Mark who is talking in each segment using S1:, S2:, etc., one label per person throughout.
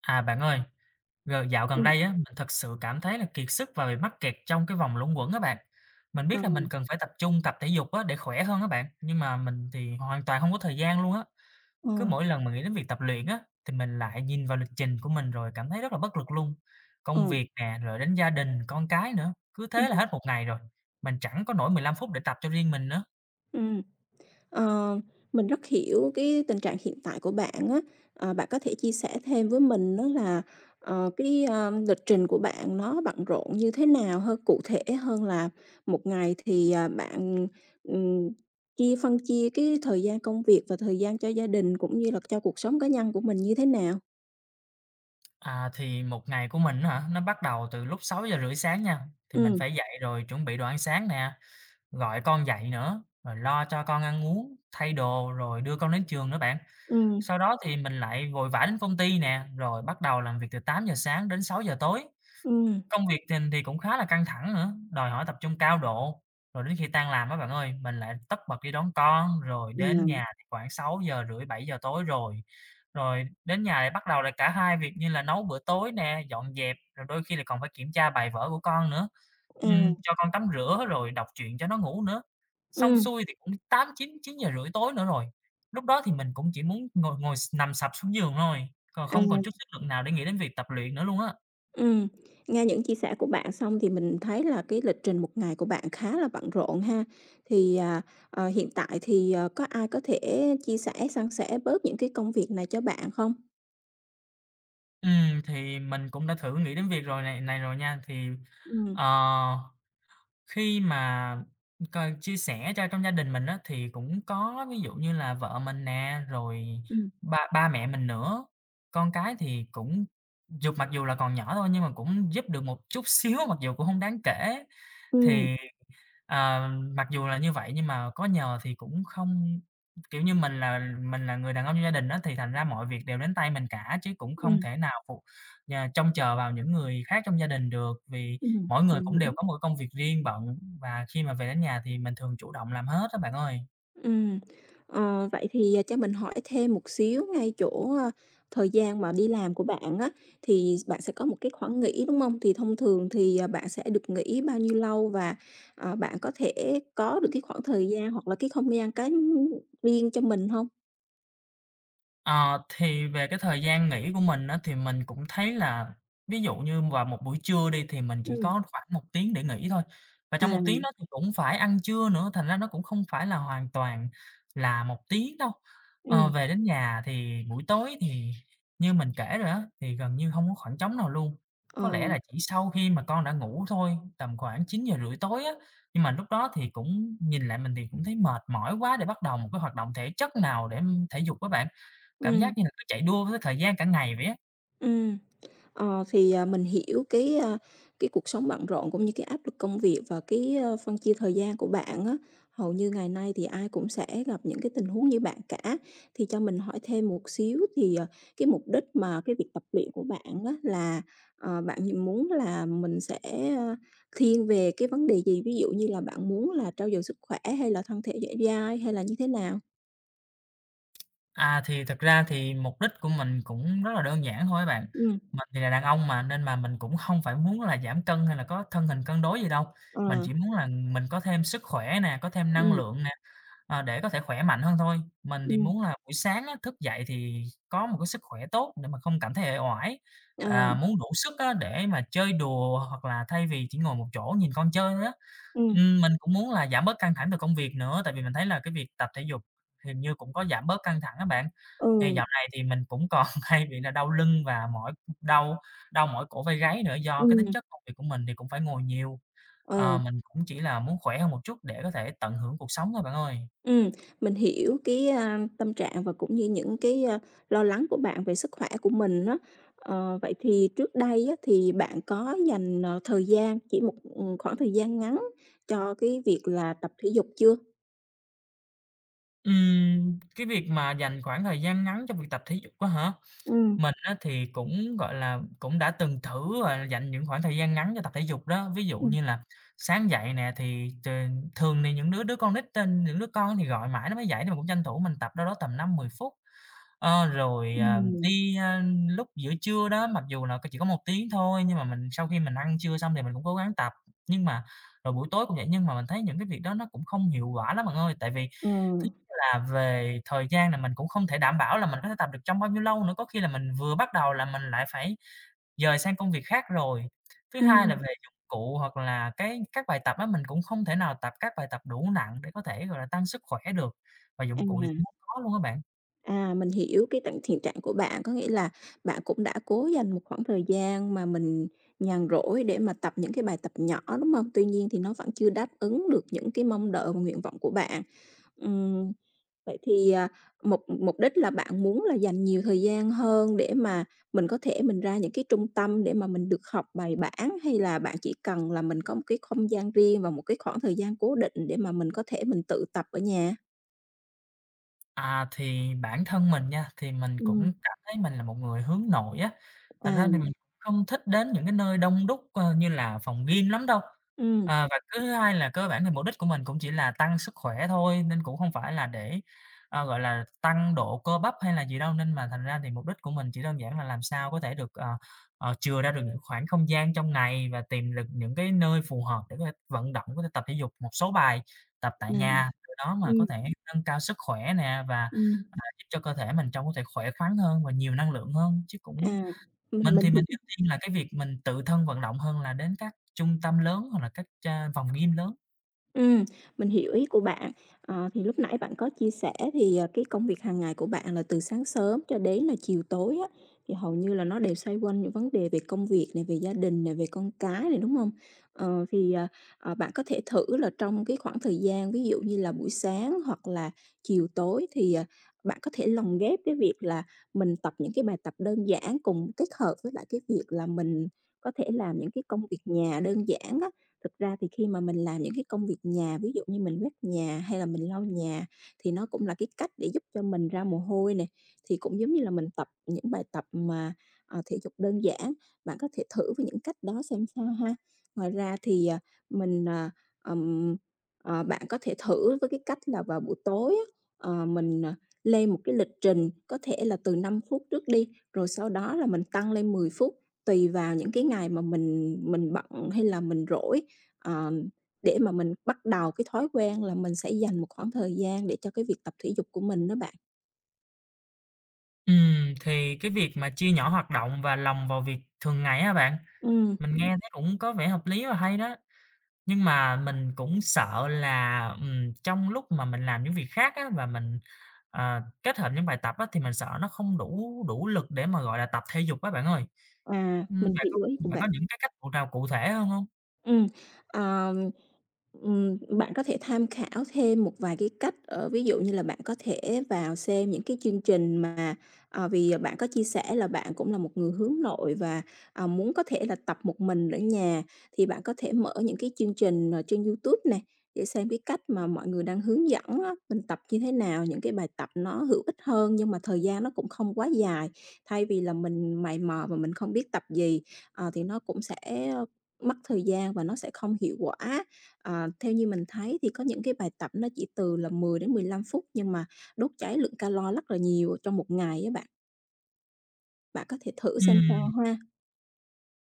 S1: À, bạn ơi, g dạo gần
S2: Ừm.
S1: đây á, mình thực sự cảm thấy là kiệt sức và bị mắc kẹt trong cái vòng luẩn quẩn á bạn. Mình biết là mình
S2: Ờm.
S1: cần phải tập trung tập thể dục á, để khỏe hơn á bạn, nhưng mà mình thì hoàn toàn hông có thời gian luôn á.
S2: Ờ.
S1: Cứ mỗi lần mà nghĩ đến việc tập luyện á, thì mình lại nhìn vào lịch trình của mình rồi cảm thấy rất là bất lực luôn. Công
S2: Ờm.
S1: việc nè, rồi đến gia đình con cái nữa, cứ thế là
S2: Ừm.
S1: hết một ngày rồi, mình chẳng có nổi 15 phút để tập cho riêng mình nữa.
S2: Ừm, ờ, mình rất hiểu cái tình trạng hiện tại của bạn á. Ờ, bạn có thể chia sẻ thêm với mình á, là, ờ, cái lý, ơm, lịch trình của bạn nó bận rộn như thế nào ha? Cụ thể hơn là 1 ngày thì, à, bạn, ừm, chia phân chia cái thời gian công việc và thời gian cho gia đình, cũng như là, cho cuộc sống cá nhân của mình như thế nào?
S1: À, thì một ngày của mình á hả? Nó bắt đầu từ lúc 6:30 sáng nha, thì mình
S2: Ừm.
S1: phải dậy rồi chuẩn bị đồ ăn sáng nè, gọi con dậy nữa, rồi lo cho con ăn uống, thay đồ, rồi đưa con đến trường nữa bạn.
S2: Ừm.
S1: Sau đó thì mình lại vội vã đến công ty nè, rồi bắt đầu làm việc từ 8:00 sáng đến 6:00 tối.
S2: Ừm.
S1: Công việc thình thì cũng khá là căng thẳng nữa, đòi hỏi tập trung cao độ. Rồi đến khi tan làm á bạn ơi, mình lại tất bật đi đón con, rồi đến
S2: Ừm.
S1: nhà thì khoảng 6:30-7:00 tối rồi. Rồi đến nhà lại bắt đầu là cả 2 việc như là nấu bữa tối nè, dọn dẹp, rồi đôi khi là còn phải kiểm tra bài vở của con nữa,
S2: À!
S1: ừm, cho con tắm rửa, rồi đọc truyện cho nó ngủ nữa. Xong
S2: Ừm.
S1: xuôi thì cũng 8- 9, 9:30 tối nữa rồi, lúc đó thì mình cũng chỉ muốn ngồi ngồi s nằm sập xuống giường thôi, còn không còn chút
S2: À.
S1: sức lực nào để nghĩ đến việc tập luyện nữa luôn á.
S2: Ừm, nghe những chia sẻ của bạn xong thì mình thấy là cái lịch trình một ngày của bạn khá là bận rộn ha. Thì, à, ờ, hiện tại thì, ờ, có ai có thể chia sẻ, san sẻ bớt những cái công việc này cho bạn không?
S1: Ừm, thì mình cũng đã thử nghĩ đến việc rồi này này rồi nha. Thì,
S2: Ừm.
S1: ờ, khi mà m cần chia sẻ cho trong gia đình mình á, thì cũng có ví dụ như là vợ mình nè, rồi
S2: Ừm.
S1: ba ba mẹ mình nữa, con cái thì cũng dù mặc dù là còn nhỏ thôi, nhưng mà cũng giúp được một chút xíu, mặc dù cũng hông đáng kể.
S2: Ừm.
S1: Thì, ờ, mặc dù là như vậy nhưng mà có nhờ thì cũng không kiểu như mình là mình là người đàn ông trong gia đình á, thì thành ra mọi việc đều đến tay mình cả, chứ cũng không
S2: Ừm.
S1: thể nào phụ nhờ trông chờ vào những người khác trong gia đình được vì
S2: Ừm,
S1: mỗi người
S2: mình
S1: cũng
S2: hiểu.
S1: đều có một cái công việc riêng bận, và khi mà về đến nhà thì mình thường chủ động làm hết á bạn ơi.
S2: Ừm, ờ, vậy thì, à, cho mình hỏi thêm một xíu ngay chỗ, ơ, thời gian mà đi làm của bạn á, thì bạn sẽ có một cái khoảng nghỉ, đúng hông? Thì thông thường thì, ờ, bạn sẽ được nghỉ bao nhiêu lâu, và, ờ, bạn có thể có được cái khoảng thời gian, hoặc là cái không gian cá riêng cho mình hông?
S1: Ờ, thì về cái thời gian nghỉ của mình á, thì mình cũng thấy là ví dụ như vào một buổi trưa đi, thì mình chỉ
S2: Ừm.
S1: có khoảng 1 tiếng để nghỉ thôi. Và trong 1
S2: À.
S1: tiếng đó thì cũng phải ăn trưa nữa, thành ra nó cũng không phải là hoàn toàn là 1 tiếng đâu. Ờ,
S2: Ừm.
S1: về đến nhà thì buổi tối, thì như mình kể rồi á, thì gần như hông có khoảng trống nào luôn, có lẽ
S2: Ờ.
S1: là chỉ sau khi mà con đã ngủ thôi, tầm khoảng 9:30 tối á. Nhưng mà lúc đó thì cũng nhìn lại mình thì cũng thấy mệt mỏi quá để bắt đầu một cái hoạt động thể chất nào để thể dục á bạn, cảm
S2: Ừm.
S1: giác như là cứ chạy đua với thời gian cả ngày vậy á.
S2: Ừm, ờ thì, ờ, mình hiểu cái ơ, cái cuộc sống bận rộn cũng như cái áp lực công việc và cái, ơ, phân chia thời gian của bạn á, hầu như ngày nay thì ai cũng sẽ gặp những cái tình huống như bạn cả. Thì cho mình hỏi thêm một xíu thì ờ, cái mục đích mà cái việc tập luyện của bạn á, là ờ, bạn nh muốn là mình sẽ, ơ, thiên về cái vấn đề gì? Ví dụ như là bạn muốn là trau dồi sức khỏe hay là thân thể dẻo dai hay là như thế nào?
S1: À, thì thực ra thì mục đích của mình cũng rất là đơn giản thôi á bạn.
S2: Ừm.
S1: Mình thì là đàn ông mà, nên là mình cũng hông phải muốn là giảm cân hay là có thân hình cân đối gì đâu. Mình
S2: À.
S1: chỉ muốn là mình có thêm sức khỏe nè, có thêm năng
S2: Ừm.
S1: lượng nè, ờ, để có thể khỏe mạnh hơn thôi. Mình thì
S2: Ừm.
S1: muốn là buổi sáng á thức dậy thì có một cái sức khỏe tốt để mà không cảm thấy uể oải, à,
S2: Ờ.
S1: muốn đủ sức á để mà chơi đùa hoặc là thay vì chỉ ngồi một chỗ nhìn con chơi thôi á.
S2: Ừm.
S1: Ừm, mình cũng muốn là giảm bớt căng thẳng về công việc nữa tại vì mình thấy là cái việc tập thể dục hình như cũng có giảm bớt căng thẳng á bạn. Thì
S2: Ừ.
S1: dạo này thì mình cũng còn hay bị là đau lưng và mỏi, đau đau mỏi cổ vai gáy nữa do cái tính
S2: Ừm.
S1: chất công việc của mình thì cũng phải ngồi nhiều. Ờ,
S2: Ừ.
S1: mình cũng chỉ là muốn khỏe hơn một chút để có thể tận hưởng cuộc sống thôi bạn ơi.
S2: Ừm, mình hiểu cái, a, tâm trạng và cũng như những cái, ơ, lo lắng của bạn về sức khỏe của mình á. Ờ, vậy thì trước đây á thì bạn có dành, ờ, thời gian chỉ một, ừm, khoảng thời gian ngắn cho cái việc là tập thể dục chưa?
S1: Ừm, cái việc mà dành khoảng thời gian ngắn cho việc tập thể dục á hả?
S2: Ừm.
S1: Mình á, thì cũng, gọi là, cũng đã từng thử, gọi là, dành những khoảng thời gian ngắn cho tập thể dục đó. Ví dụ
S2: Ừm.
S1: như là sáng dậy nè thì t thường thì những đứa đứa con nít tên những đứa con thì gọi mãi nó mới dậy, nên mình cũng tranh thủ mình tập đâu đó tầm 5, 10 phút. Ờ, rồi, à,
S2: Ừm.
S1: đi, a, lúc giữa trưa đó mặc dù là chỉ có 1 tiếng thôi nhưng mà mình sau khi mình ăn trưa xong thì mình cũng cố gắng tập. Nhưng mà rồi buổi tối cũng vậy, nhưng mà mình thấy những cái việc đó nó cũng không hiệu quả lắm bạn ơi. Tại vì
S2: Ừm.
S1: [unintelligible] là về thời gian là mình cũng không thể đảm bảo là mình có thể tập được trong bao nhiêu lâu nữa, có khi là mình vừa bắt đầu là mình lại phải dời sang công việc khác rồi. Thứ hai là
S2: Ừm.
S1: về dụng cụ hoặc là cái các bài tập á, mình cũng không thể nào tập các bài tập đủ nặng để có thể, gọi là, tăng sức khỏe được và dụng cụ thì
S2: À.
S1: cũng [unintelligible] có luôn á bạn.
S2: À, mình hiểu cái tận thiện trạng của bạn, có nghĩa là bạn cũng đã cố dành một khoảng thời gian mà mình nhàn rỗi để mà tập những cái bài tập nhỏ, đúng hông? Tuy nhiên thì nó vẫn chưa đáp ứng được những cái mong đợi và nguyện vọng của bạn. Ừm, vậy thì, à, mục mục đích là bạn muốn là dành nhiều thời gian hơn để mà mình có thể mình ra những cái trung tâm để mà mình được học bài bản, hay là bạn chỉ cần là mình có một cái không gian riêng và một cái khoảng thời gian cố định để mà mình có thể mình tự tập ở nhà?
S1: À, thì bản thân mình nha, thì mình
S2: Ừm.
S1: cũng cảm thấy mình là một người hướng nội á, thành
S2: À.
S1: ra [unintelligible] không thích đến những cái nơi đông đúc, ơ, như là phòng gym lắm đâu.
S2: Ừm.
S1: À, và cái thứ hai là cơ bản thì mục đích của mình cũng chỉ là tăng sức khỏe thôi, nên cũng không phải là để, à, gọi là, tăng độ cơ bắp hay là gì đâu. Nên mà thành ra thì mục đích của mình chỉ đơn giản là làm sao có thể được, ờ, ờ, chừa ra được những khoảng không gian trong ngày và tìm được những cái nơi phù hợp để có thể vận động, có thể tập thể dục một số bài tập tại
S2: Nằm,
S1: nhà, từ đó mà
S2: ừm.
S1: có thể nâng cao sức khỏe nè và, à,
S2: Ừm.
S1: giúp cho cơ thể mình trông có thể khỏe khoắn hơn và nhiều năng lượng hơn. Chứ cũng
S2: À,
S1: mình
S2: ừm, mình
S1: thì mình
S2: hiểu.
S1: ưu tiên là cái việc mình tự thân vận động hơn là đến các trung tâm lớn hoặc là các, à, phòng gym lớn.
S2: Ừm, mình hiểu ý của bạn. Ờ, thì lúc nãy bạn có chia sẻ thì, ờ, cái công việc hàng ngày của bạn là từ sáng sớm cho đến là chiều tối á, thì hầu như là nó đều xoay quanh những vấn đề về công việc này, về gia đình nè, về con cái này, đúng hông? Ờ, thì, ờ, ờ, bạn có thể thử là trong cái khoảng thời gian ví dụ như là buổi sáng hoặc là chiều tối thì, ờ, bạn có thể lồng ghép cái việc là mình tập những cái bài tập đơn giản, cùng kết hợp với lại cái việc là mình có thể làm những cái công việc nhà đơn giản á. Thực ra thì khi mà mình làm những cái công việc nhà ví dụ như mình quét nhà hay là mình lau nhà, thì nó cũng là cái cách để giúp cho mình ra mồ hôi này, thì cũng giống như là mình tập những bài tập mà, ờ, thể dục đơn giản. Bạn có thể thử với những cách đó xem sao ha. Ngoài ra thì, à, mình, à, ừm, ờ, bạn có thể thử với cái cách là vào buổi tối á, ờ, mình, ờ, lên một cái lịch trình, có thể là từ 5 phút trước đi, rồi sau đó là mình tăng lên 10 phút. Tùy vào những cái ngày mà mình mình bận hay là mình rỗi, à, để mà mình bắt đầu cái thói quen là mình sẽ dành một khoảng thời gian để cho cái việc tập thể dục của mình đó bạn.
S1: Ừm, thì cái việc mà chia nhỏ hoạt động và lồng vào việc thường ngày á bạn,
S2: Ừm.
S1: mình nghe thấy cũng có vẻ hợp lý và hay đó. Nhưng mà mình cũng sợ là, ừm, trong lúc mà mình làm những việc khác á, và mình, ờ, kết hợp những bài tập á thì mình sợ nó không đủ đủ lực để mà, gọi là, tập thể dục á bạn ơi.
S2: À, mình
S1: Ưm, bạn có
S2: hiểu ý của
S1: bạn có
S2: bạn.
S1: những cái cách cụ nào cụ thể hơn hông?
S2: Ừm. Ờm, ừm, bạn có thể tham khảo thêm một vài cái cách ở ví dụ như là bạn có thể vào xem những cái chương trình mà, ờ, vì bạn có chia sẻ là bạn cũng là một người hướng nội và, ờ, muốn có thể là tập một mình ở nhà. Thì bạn có thể mở những cái chương trình, ờ, trên YouTube nè để xem cái cách mà mọi người đang hướng dẫn á, mình tập như thế nào, những cái bài tập nó hữu ích hơn nhưng mà thời gian nó cũng không quá dài. Thay vì là mình mày mò và mình không biết tập gì, à, thì nó cũng sẽ mất thời gian và nó sẽ không hiệu quả. Ờ, theo như mình thấy thì có những cái bài tập nó chỉ từ là 10 đến 15 phút nhưng mà đốt cháy lượng calo lắc là nhiều trong 1 ngày á bạn. Bạn có thể thử xem
S1: Ừm.
S2: sao ha.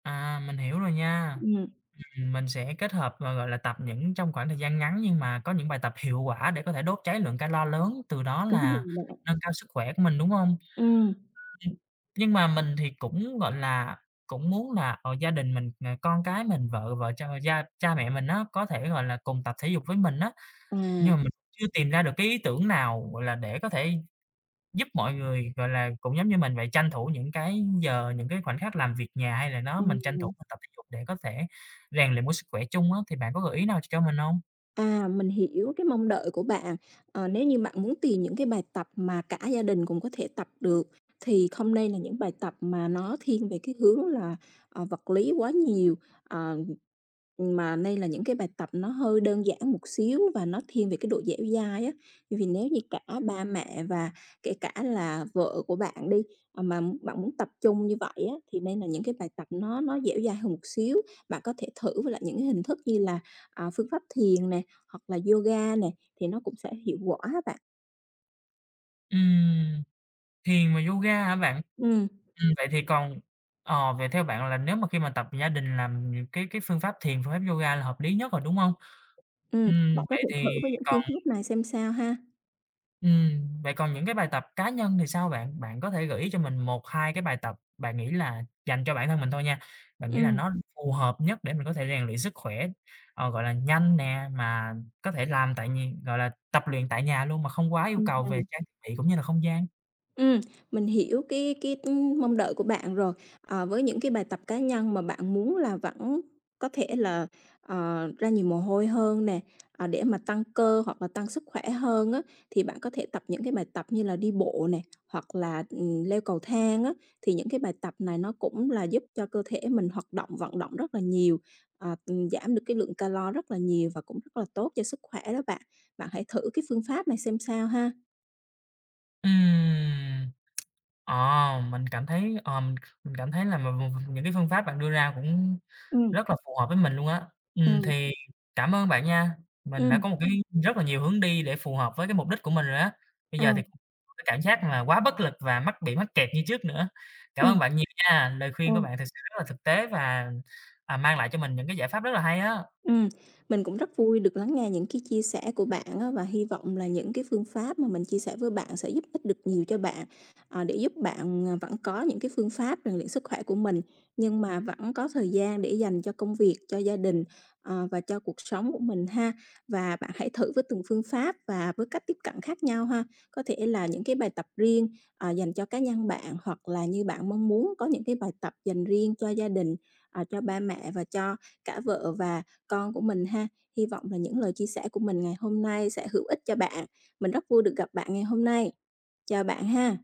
S1: À, mình hiểu rồi nha.
S2: Ừm.
S1: Ừm, mình sẽ kết hợp và, gọi là, tập những trong khoảng thời gian ngắn nhưng mà có những bài tập hiệu quả để có thể đốt cháy lượng calo lớn, từ đó
S2: Đúng
S1: là
S2: rồi bạn.
S1: nâng cao sức khỏe của mình, đúng hông?
S2: Ừm.
S1: [unintelligible] Nhưng mà mình thì cũng, gọi là, cũng muốn là, ờ, gia đình mình, ờ, con cái mình, vợ vợ cha gia cha mẹ mình á có thể, gọi là, cùng tập thể dục với mình á. Nhưng mà
S2: À.
S1: mình chưa tìm ra được cái ý tưởng nào, gọi là, để có thể giúp mọi người, gọi là, cũng giống như mình vậy, tranh thủ những cái giờ, những cái khoảnh khắc làm việc nhà, hay là nó mình tranh thủ
S2: Ừm.
S1: mình tập thể dục để có thể rèn luyện một sức khỏe chung á. Thì bạn có gợi ý nào cho mình hông?
S2: À, mình hiểu cái mong đợi của bạn. Ờ, nếu như bạn muốn tìm những cái bài tập mà cả gia đình cùng có thể tập được, thì không nên là những bài tập mà nó thiên về cái hướng là, ờ, vật lý quá nhiều, ờ, mà nên là những cái bài tập nó hơi đơn giản một xíu và nó thiên về cái độ dẻo dai á. Vì nếu như cả ba mẹ và kể cả là vợ của bạn đi, ờ, mà bạn muốn tập chung như vậy á, thì nên là những cái bài tập nó nó dẻo dai hơn một xíu. Bạn có thể thử lại những cái hình thức như là, à, phương pháp thiền nè, hoặc là yoga nè thì nó cũng sẽ hiệu quả á bạn.
S1: Ừm. Thiền và yoga hả bạn?
S2: Ừm.
S1: Ừm, vậy thì còn ờ, vậy theo bạn là nếu mà khi mà tập gia đình làm nh cái cái phương pháp thiền, phương pháp yoga là hợp lý nhất rồi, đúng hông?
S2: Ừm,
S1: Ừm,
S2: bạn có
S1: vậy
S2: thể thử
S1: thì
S2: với những
S1: còn
S2: phương thức này xem sao ha.
S1: ừm, vậy còn những cái bài tập cá nhân thì sao bạn? Bạn có thể gợi ý cho mình 1-2 cái bài tập bạn nghĩ là dành cho bản thân mình thôi nha, bạn nghĩ là
S2: Ừm.
S1: nó phù hợp nhất để mình có thể rèn luyện sức khỏe, ờ, gọi là, nhanh nè, mà có thể làm tại nh gọi là, tập luyện tại nhà luôn mà không quá yêu
S2: Ừm
S1: cầu về
S2: hừm.
S1: trang thiết bị cũng như là không gian?
S2: Ừm, mình hiểu cái cái, ưm, mong đợi của bạn rồi. Ờ, với những cái bài tập cá nhân mà bạn muốn là vẫn có thể là, ờ, ra nhiều mồ hôi hơn nè, ờ, để mà tăng cơ hoặc là tăng sức khỏe hơn á thì bạn có thể tập những cái bài tập như là đi bộ nè, hoặc là, ừm, leo cầu thang á. Thì những cái bài tập này nó cũng là giúp cho cơ thể mình hoạt động vận động rất là nhiều, à, giảm được cái lượng calo rất là nhiều và cũng rất là tốt cho sức khỏe đó bạn. Bạn hãy thử cái phương pháp này xem sao ha.
S1: Ừm. Ờm, mình cảm thấy, ờm, mình cảm thấy là v v những cái phương pháp bạn đưa ra cũng
S2: Ừm.
S1: rất là phù hợp với mình luôn á. Ừm,
S2: Ừm.
S1: thì cảm ơn bạn nha, mình đã
S2: Ừm.
S1: có một cái rất là nhiều hướng đi để phù hợp với cái mục đích của mình rồi á. Bây
S2: À!
S1: giờ thì không có cảm giác mà quá bất lực và mắc bị mắc kẹt như trước nữa. Cảm ơn
S2: Ừm.
S1: bạn nhiều nha, lời khuyên của
S2: Ừm.
S1: bạn thực sự rất là thực tế, và, à, mang lại cho mình những cái giải pháp rất là hay á!
S2: Ừm, mình cũng rất vui được lắng nghe những cái chia sẻ của bạn á, và hi vọng là những cái phương pháp mà mình chia sẻ với bạn sẽ giúp ích được nhiều cho bạn, ờ, để giúp bạn, ờ, vẫn có những cái phương pháp rèn luyện sức khỏe của mình, nhưng mà vẫn có thời gian để dành cho công việc, cho gia đình, ờ, và cho cuộc sống của mình ha. Và bạn hãy thử với từng phương pháp và với cách tiếp cận khác nhau ha. Có thể là những cái bài tập riêng, ờ, dành cho cá nhân bạn, hoặc là như bạn mong muốn có những cái bài tập dành riêng cho gia đình, ờ, cho ba mẹ và cho cả vợ và con của mình ha. Hy vọng là những lời chia sẻ của mình ngày hôm nay sẽ hữu ích cho bạn. Mình rất vui được gặp bạn ngày hôm nay. Chào bạn ha.